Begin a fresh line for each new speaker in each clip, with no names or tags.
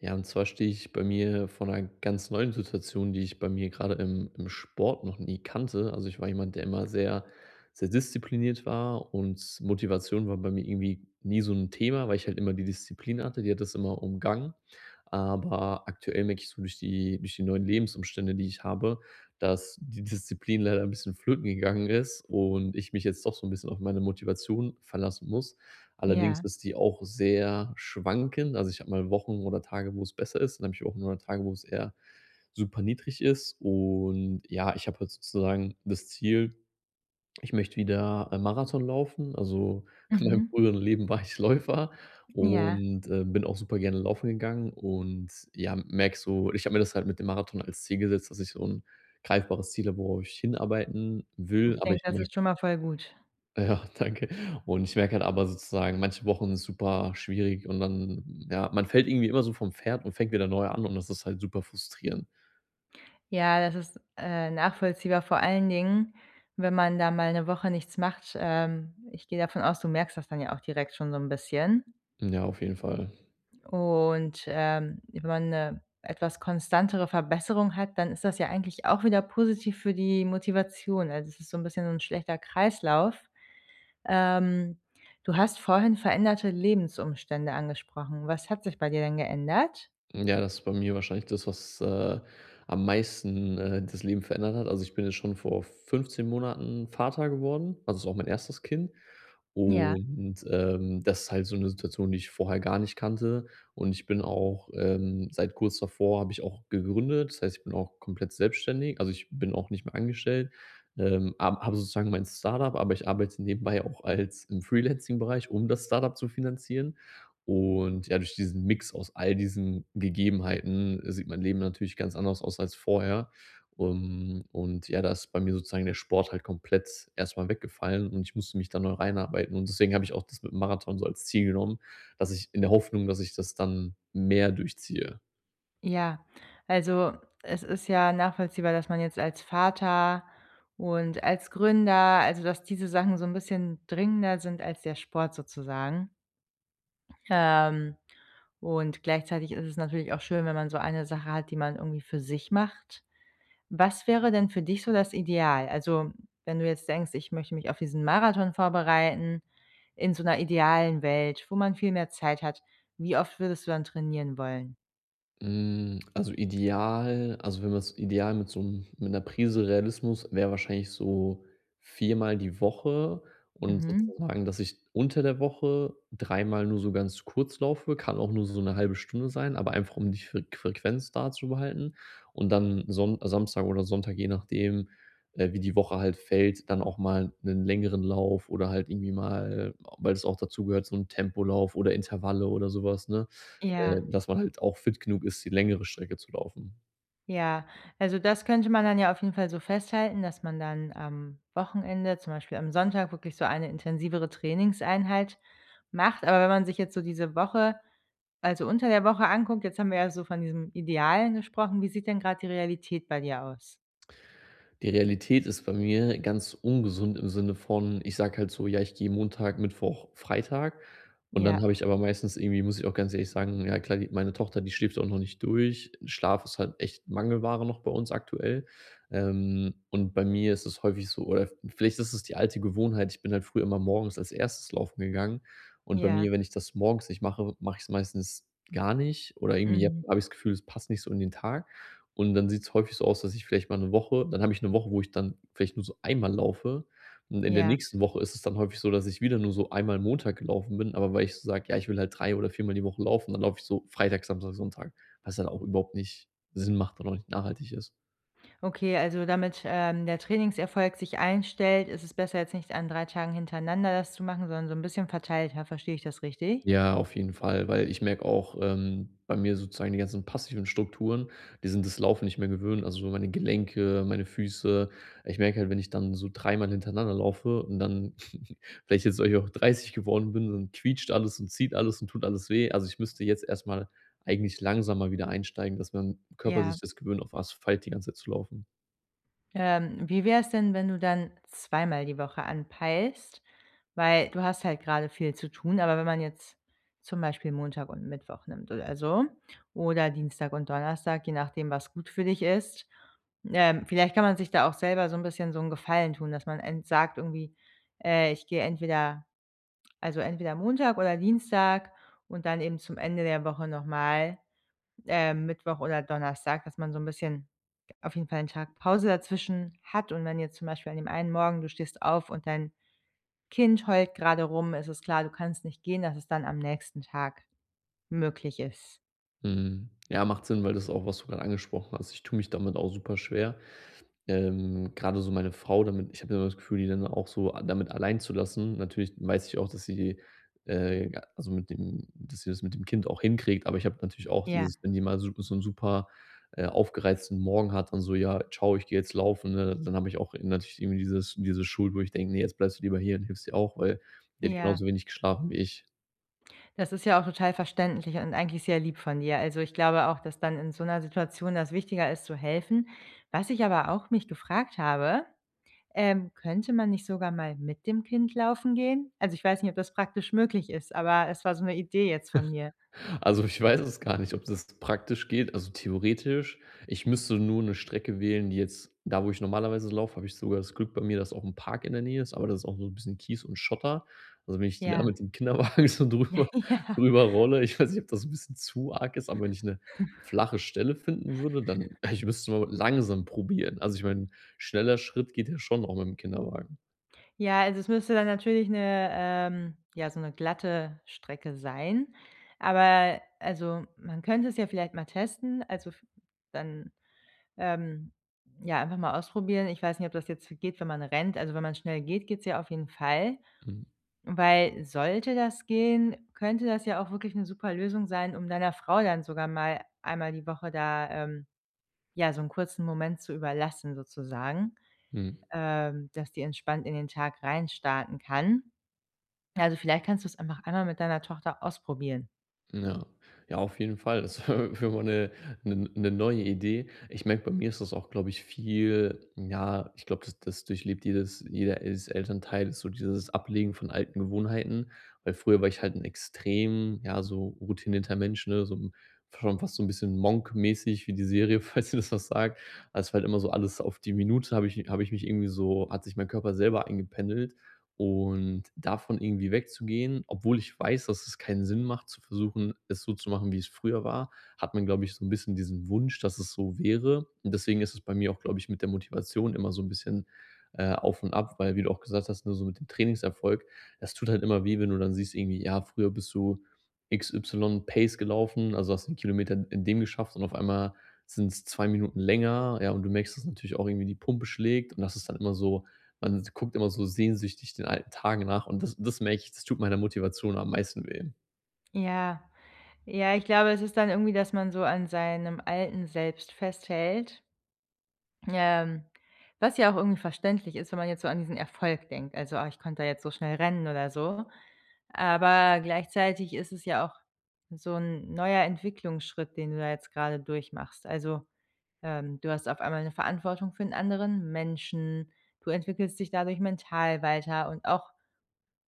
Ja, und zwar stehe ich bei mir von 'ner ganz neuen Situation, die ich bei mir gerade im im Sport noch nie kannte. Also ich war jemand, der immer sehr sehr diszipliniert war und Motivation war bei mir irgendwie nie so 'n Thema, weil ich halt immer die Disziplin hatte, die hat das immer umgangen. Aber aktuell merke ich so durch die durch die neuen Lebensumstände, die ich habe, dass die Disziplin leider 'n bisschen flöten gegangen ist und ich mich jetzt doch so 'n bisschen auf meine Motivation verlassen muss. Allerdings
Ja.
ist die auch sehr schwankend. Also ich habe mal Wochen oder Tage, wo es besser ist, dann habe ich auch mal Tage, wo es eher super niedrig ist und ja, ich habe halt sozusagen das Ziel, ich möchte wieder ein Marathon laufen, also in meinem
Mhm.
früheren Leben war ich Läufer
Ja.
und, äh, bin auch super gerne laufen gegangen und ja, merke so ich habe mir das halt mit dem Marathon als Ziel gesetzt, dass ich so 'n greifbares Ziel habe, worauf ich hinarbeiten will,
Ich
aber
denke,
ich
das ist
merke
schon mal voll gut.
Ja, danke. Und ich merke halt aber sozusagen, manche Wochen super schwierig und dann ja, man fällt irgendwie immer so vom Pferd und fängt wieder neu an und das ist halt super frustrierend.
Ja, das ist, äh, nachvollziehbar, vor allen Dingen, wenn man da mal ‘ne Woche nichts macht, ähm, ich gehe davon aus, du merkst das dann ja auch direkt schon so ‘n bisschen.
Hm, ja, auf jeden Fall.
Und, ähm, wenn man 'ne etwas konstantere Verbesserung hat, dann ist das ja eigentlich auch wieder positiv für die Motivation. Also, es ist so 'n bisschen so 'n schlechter Kreislauf. Ähm, du hast vorhin veränderte Lebensumstände angesprochen. Was hat sich bei dir denn geändert?
Hm, ja, das ist bei mir wahrscheinlich das, was, äh, am meisten, äh, das Leben verändert hat. Also, ich bin jetzt schon vor 15 Monaten Vater geworden, also, ist auch mein 1. Kind.
Ja.
Und, ähm, das ist halt so 'ne Situation, die ich vorher gar nicht kannte. Und, ich bin auch, ähm seit kurz davor habe ich auch gegründet, das heißt, ich bin auch komplett selbstständig, also, ich bin auch nicht mehr angestellt. Ähm, am habe sozusagen mein Startup, aber ich arbeite nebenbei auch als im Freelancing Bereich, um das Startup zu finanzieren. Und ja, durch diesen Mix aus all diesen Gegebenheiten sieht mein Leben natürlich ganz anders aus als vorher. Ähm, und ja, da ist bei mir sozusagen der Sport halt komplett erstmal weggefallen und ich musste mich da neu reinarbeiten und deswegen habe ich auch das mit dem Marathon so als Ziel genommen, dass ich in der Hoffnung, dass ich das dann mehr durchziehe.
Ja, also, es ist ja nachvollziehbar, dass man jetzt als Vater und als Gründer also, dass diese Sachen so 'n bisschen dringender sind als der Sport sozusagen. Ähm, und gleichzeitig ist es natürlich auch schön, wenn man so eine Sache hat, die man irgendwie für sich macht. Was wäre denn für dich so das Ideal? Also, wenn du jetzt denkst, ich möchte mich auf diesen Marathon vorbereiten, in so 'ner idealen Welt, wo man viel mehr Zeit hat, wie oft würdest du dann trainieren wollen?
Mm, also ideal also, wenn man es ideal mit so 'm mit 'ner Prise Realismus wäre wahrscheinlich so 4-mal die Woche und
Mhm.
sozusagen, dass ich unter der Woche 3-mal nur so ganz kurz laufe, kann auch nur so 'ne halbe Stunde sein, aber einfach um die Fre Frequenz da zu behalten und dann Sonn Samstag oder Sonntag, je nachdem, äh, wie die Woche halt fällt, dann auch mal 'nen längeren Lauf oder halt irgendwie mal, weil es auch dazu gehört, so 'n Tempolauf oder Intervalle oder sowas, ne?
Ja.
Äh, dass man halt auch fit genug ist, die längere Strecke zu laufen.
Ja, also das könnte man dann ja auf jeden Fall so festhalten, dass man dann am Wochenende, zum Beispiel am Sonntag, wirklich so eine intensivere Trainingseinheit macht. Aber wenn man sich jetzt so diese Woche, also unter der Woche, anguckt, jetzt haben wir ja so von diesem Idealen gesprochen: Wie sieht denn gerade die Realität bei dir aus?
Die Realität ist bei mir ganz ungesund im Sinne von ich sage halt so: „Ja, ich gehe Montag, Mittwoch, Freitag.” Und dann habe
Ja.
ich aber meistens irgendwie muss ich auch ganz ehrlich sagen, ja, klar, die meine Tochter, die schläft auch noch nicht durch. Schlaf ist halt echt Mangelware noch bei uns aktuell. Ähm, und bei mir ist es häufig so, oder v vielleicht ist es die alte Gewohnheit, ich bin halt früher immer morgens als 1. laufen gegangen. Und bei
Ja.
mir, wenn ich das morgens nicht mache, mache ich es meistens gar nicht oder irgendwie je
Mhm.
habe ich das Gefühl, es passt nicht so in den Tag. Und dann sieht's häufig so aus, dass ich vielleicht mal 'ne Woche dann habe ich 'ne Woche, wo ich dann vielleicht nur so einmal laufe. Und in der
Ja.
nächsten Woche ist es dann häufig so, dass ich wieder nur so einmal Montag gelaufen bin, aber weil ich sage: „Ja, ich will halt drei oder viermal die Woche laufen.”, dann laufe ich so Freitag, Samstag, Sonntag, was halt auch überhaupt nicht Sinn macht und auch nicht nachhaltig ist.
Okay, also damit, ähm, der Trainingserfolg sich einstellt, ist es besser, jetzt nicht an 3 Tagen hintereinander das zu machen, sondern so 'n bisschen verteilter. Verstehe ich das richtig?
Ja, auf jeden Fall, weil ich merke auch, ähm, bei mir sozusagen die ganzen passiven Strukturen, die sind das Laufen nicht mehr gewöhnt, also meine Gelenke, meine Füße. Ich merke halt, wenn ich dann so dreimal hintereinander laufe und dann vielleicht jetzt weil ich auch 30 geworden bin, dann quietscht alles und zieht alles und tut alles weh. Also, ich müsste jetzt erstmal eigentlich langsamer wieder einsteigen, dass mein Körper
Ja.
sich das gewöhnt, auf Asphalt die ganze Zeit zu laufen.
Ähm, wie wäre es denn, wenn du dann zweimal die Woche anpeilst? Weil du hast halt grade viel zu tun, aber wenn man jetzt zum Beispiel Montag und Mittwoch nimmt oder so, oder Dienstag und Donnerstag, je nachdem, was gut für dich ist. Ähm, vielleicht kann man sich da auch selber so 'n bisschen so 'n Gefallen tun, dass man ent sagt irgendwie, äh: „Ich gehe entweder also entweder Montag oder Dienstag und dann eben zum Ende der Woche nochmal, ähm, Mittwoch oder Donnerstag.“ Dass man so 'n bisschen auf jeden Fall 'n Tag Pause dazwischen hat und wenn jetzt zum Beispiel an dem einen Morgen du stehst auf und dein Kind heult grade rum. Es ist klar, du kannst nicht gehen, dass es dann am nächsten Tag möglich ist.
Mhm. Ja, macht Sinn, weil das auch, was du gerade angesprochen hast. Ich tue mich damit auch super schwer. Ähm, gerade so meine Frau damit ich habe immer das Gefühl, die dann auch so a damit allein zu lassen. Natürlich weiß ich auch, dass sie, äh also, mit dem dass sie das mit dem Kind auch hinkriegt. Aber ich habe natürlich auch
Ja.
dieses, wenn die mal so so 'n super, äh, aufgereizten Morgen hat und so: „Ja, ciao, ich gehe jetzt laufen.“ Ne, dann habe ich auch natürlich irgendwie dieses diese Schuld, wo ich denke: „Ne, jetzt bleibst du lieber hier und hilfst ihr auch, weil sie hat
Ja.
genauso wenig geschlafen wie ich.“
Das ist ja auch total verständlich und eigentlich sehr lieb von dir. Also, ich glaube auch, dass dann in so 'ner Situation das wichtiger ist zu helfen. Was ich aber auch mich gefragt habe, ähm: Könnte man nicht sogar mal mit dem Kind laufen gehen? Also, ich weiß nicht, ob das praktisch möglich ist, aber es war so 'ne Idee jetzt von mir.
Also, ich weiß es gar nicht, ob das praktisch geht. Also, theoretisch ich müsste nur 'ne Strecke wählen, die jetzt da, wo ich normalerweise laufe, habe ich sogar das Glück bei mir, dass auch 'n Park in der Nähe ist, aber das ist auch so 'n bisschen Kies und Schotter. Also, wenn ich die da
Ja.
mit dem Kinderwagen so drüber
Ja.
drüber rolle, ich weiß nicht, ob das 'n bisschen zu arg ist, aber wenn ich 'ne flache Stelle finden würde, dann ich müsste so langsam probieren. Also, ich meine, schneller Schritt geht ja schon auch mit dem Kinderwagen.
Ja, also es müsste dann natürlich 'ne, ähm ja so ‘ne glatte Strecke sein, aber also man könnte es ja vielleicht mal testen, also v dann, ähm, ja, einfach mal ausprobieren. Ich weiß nicht, ob das jetzt so geht, wenn man rennt. Also, wenn man schnell geht, geht's ja auf jeden Fall,
Mhm.
weil sollte das gehen, könnte das ja auch wirklich 'ne super Lösung sein, um deiner Frau dann sogar mal einmal die Woche da, ähm, ja, so 'n kurzen Moment zu überlassen, sozusagen,
Hm.
ähm, dass die entspannt in den Tag rein starten kann. Also, vielleicht kannst du‘s einfach einmal mit deiner Tochter ausprobieren.
Ja. Ja, auf jeden Fall. Das wär wäre mal 'ne 'nen ‘ne neue Idee. Ich merke, bei mir ist das auch, glaube ich, viel ja, ich glaube, das das durchlebt jedes jeder Els Elternteil, so dieses Ablegen von alten Gewohnheiten, weil früher war ich halt' extrem, ja, so routinierter Mensch, ne, so 'n f schon fast so 'n bisschen „Monk“-mäßig wie die Serie falls dir das was sagt, weil‘s halt immer so alles auf die Minute habe ich habe ich mich irgendwie so hat sich mein Körper selber eingependelt und davon irgendwie wegzugehen, obwohl ich weiß, dass es keinen Sinn macht, zu versuchen, es so zu machen, wie es früher war, hat man, glaube ich so 'n bisschen diesen Wunsch, dass es so wäre. Und, deswegen ist es bei mir auch, glaube ich, mit der Motivation immer so 'n bisschen, äh, auf und ab, weil wie du auch gesagt hast, ne, so mit dem Trainingserfolg, das tut halt immer weh, wenn du dann siehst irgendwie, ja, früher bist du XY Pace gelaufen, also hast 'n Kilometer in in dem geschafft und auf einmal sind's 2 Minuten länger, ja, und du merkst, dass natürlich auch irgendwie die Pumpe schlägt und das ist dann immer so man guckt immer so sehnsüchtig den alten Tagen nach und das das merke ich, das tut meiner Motivation am meisten weh.
Ja. Ja, ich glaube, es ist dann irgendwie, dass man so an seinem alten Selbst festhält. Ähm, was ja auch irgendwie verständlich ist, wenn man jetzt so an diesen Erfolg denkt, also: „Ah, ich konnte da jetzt so schnell rennen oder so“, aber gleichzeitig ist es ja auch so 'n neuer Entwicklungsschritt, den du da jetzt grade durchmachst. Also, ähm, du hast auf einmal 'ne Verantwortung für 'n anderen Menschen, du entwickelst dich dadurch mental weiter und auch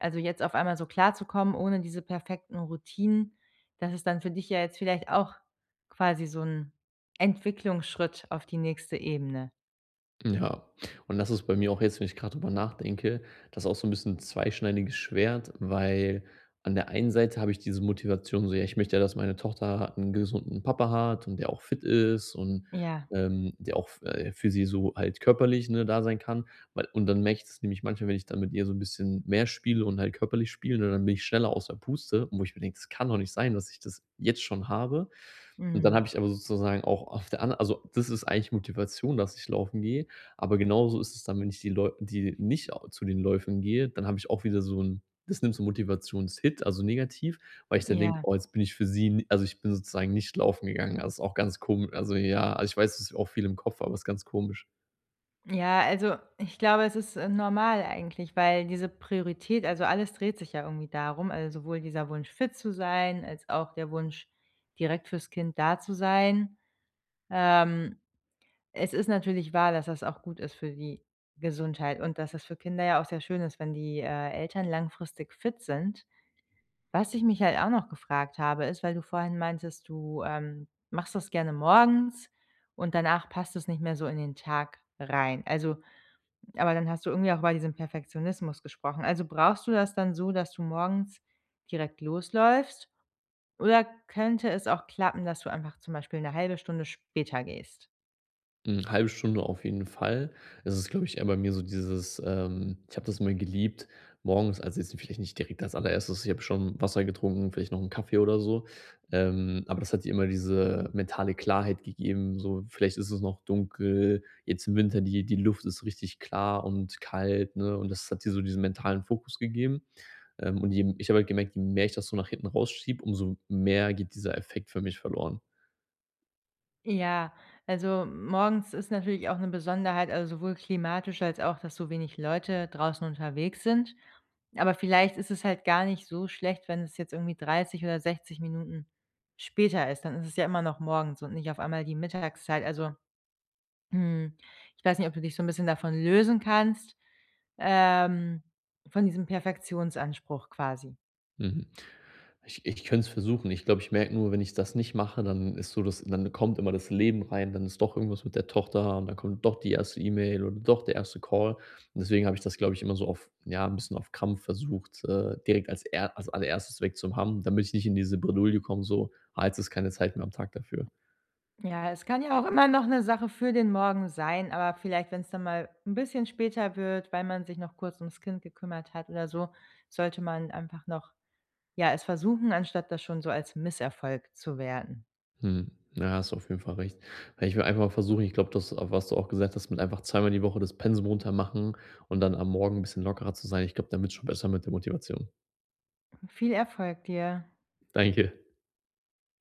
also jetzt auf einmal so klarzukommen, ohne diese perfekten Routinen, das ist dann für dich ja jetzt vielleicht auch quasi so 'n Entwicklungsschritt auf die nächste Ebene.
Ja. Und das ist bei mir auch jetzt wenn ich grad darüber nachdenke, das ist auch so 'n bisschen 'n zweischneidiges Schwert. Weil, an der einen Seite habe ich diese Motivation, so: „Ja, ich möchte ja, dass meine Tochter 'n gesunden Papa hat und der auch fit ist und,
Ja.
ähm, der auch f äh, für sie so halt körperlich, ne, da sein kann.” Weil und dann merke ich das nämlich manchmal, wenn ich dann mit ihr so 'n bisschen mehr spiele und halt körperlich spiele, ne, dann bin ich schneller aus der Puste, wo ich mir denke: „Das kann doch nicht sein, dass ich das jetzt schon habe.” Und dann
Mhm.
habe ich aber sozusagen auch auf der anderen also, das ist eigentlich Motivation, dass ich laufen gehe, aber genauso ist es dann, wenn ich die Läu die nicht zu den Läufen gehe, dann habe ich auch wieder so 'n das nimmt so Motivationshit, also negativ, weil ich dann denke:
Ja.
„Oh, jetzt bin ich für sie ni“ also ich bin sozusagen nicht laufen gegangen. Das ist auch ganz komi also ja, also ich weiß, das ist auch viel im Kopf, aber ist ganz komisch.
Ja, also ich glaube, es ist normal eigentlich, weil diese Priorität also, alles dreht sich ja irgendwie darum, also sowohl dieser Wunsch fit zu sein, als auch der Wunsch, direkt für‘s Kind da zu sein. Ähm, es ist natürlich wahr, dass das auch gut ist für die Gesundheit und dass es für Kinder ja auch sehr schön ist, wenn die, äh, Eltern langfristig fit sind. Was ich mich halt auch noch gefragt habe, ist, weil du vorhin meintest, du, ähm, machst das gerne morgens und danach passt es nicht mehr so in den Tag rein. Also aber dann hast du irgendwie auch über diesen Perfektionismus gesprochen, also brauchst du das dann so, dass du morgens direkt losläufst oder könnte es auch klappen, dass du einfach zum Beispiel 'ne 0,5 Stunde später gehst?
Hm, 0,5 Stunde auf jeden Fall. Das ist, glaube ich, eher bei mir so dieses, ähm, ich habe das immer geliebt, morgens also, jetzt vielleicht nicht direkt als allererstes, ich habe schon Wasser getrunken, vielleicht noch ‘n Kaffee oder so, ähm, aber das hat immer diese mentale Klarheit gegeben, so vielleicht ist es noch dunkel, jetzt im Winter, die die Luft ist richtig klar und kalt, ne? Und, das hat die so diesen mentalen Fokus gegeben. Ähm, und eben ich habe halt gemerkt, je mehr ich das so nach hinten rausschiebe, um so mehr geht dieser Effekt für mich verloren.
Ja, also, m morgens ist natürlich auch 'ne Besonderheit, also, sowohl klimatisch als auch, dass so wenig Leute draußen unterwegs sind. Aber vielleicht ist es halt gar nicht so schlecht, wenn es jetzt irgendwie 30 oder 60 Minuten später ist, dann ist es ja immer noch morgens und nicht auf einmal die Mittagszeit, also, hm, ich weiß nicht, ob du dich so 'n bisschen davon lösen kannst, ähm, von diesem Perfektionsanspruch quasi.
Mhm. Ich ich könnte es versuchen. Ich glaube, ich merke nur, wenn ich das nicht mache, dann ist so, dass dann kommt immer das Leben rein, dann ist doch irgendwas mit der Tochter und dann kommt doch die 1. E-Mail oder doch der 1. Call. Deswegen habe ich das, glaube ich immer so auf ja, 'n bisschen auf Kampf versucht, äh, direkt als er als allererstes weg zu haben, damit ich nicht in diese Bredouille komme, so: „Ah, jetzt ist keine Zeit mehr am Tag dafür.“
Ja, es kann ja auch immer noch 'ne Sache für den Morgen sein, aber vielleicht, wenn es dann mal 'n bisschen später wird, weil man sich noch kurz ums Kind gekümmert hat oder so, sollte man einfach noch, ja, es versuchen, anstatt das schon so als Misserfolg zu werten.
Mhm, ja, hast du auf jeden Fall recht. Ja, ich will einfach mal versuchen ich glaube, das, was du auch gesagt hast, mit einfach zweimal die Woche das Pensum runter machen und dann am Morgen 'n bisschen lockerer zu sein. Ich glaube, dann wird's schon besser mit der Motivation.
Viel Erfolg, dir.
Danke.